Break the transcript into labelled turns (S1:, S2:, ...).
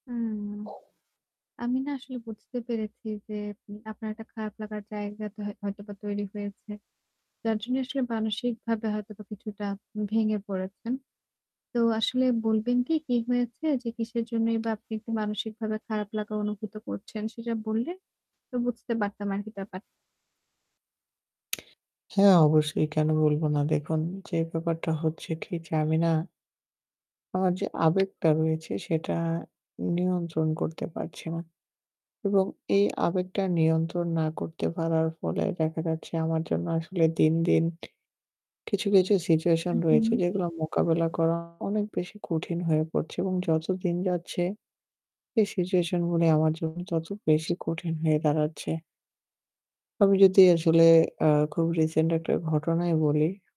S1: হুম। আমি না আসলে বুঝতে পেরেছি যে মে আপনার একটা খারাপ লাগার জায়গা তো হয়তোবা তৈরি হয়েছে। যার জন্য আসলে মানসিকভাবে হয়তোবা কিছুটা ভেঙে পড়েছেন। তো আসলে বলবেন কি কি হয়েছে? যে কিসের জন্যই বা আপনি একটু মানসিকভাবে খারাপ লাগা অনুভূত করছেন? সেটা বললে তো বুঝতে পারতাম আরকি ব্যাপার।
S2: হ্যাঁ, অবশ্যই। কেন বলবো না দেখুন যে ব্যাপারটা হচ্ছে কি? যে আমি না আমার যে আবেগটা রয়েছে সেটা নিয়ন্ত্রণ করতে পারছি না এবং এই আবেগটা নিয়ন্ত্রণ না করতে পারার ফলে দেখা যাচ্ছে আমার জন্য আসলে দিন, দিন কিছু, কিছু
S1: হু,
S2: situation রয়েছে
S1: হুম।
S2: যেগুলো মোকাবেলা করা অনেক বেশি কঠিন হয়ে পড়ছে এবং যত দিন যাচ্ছে এই situation গুলি আমার জন্য তত বেশি কঠিন হয়ে দাঁড়াচ্ছে। আমি যদি আসলে আ খুব recent একটা ঘটনাই বলি।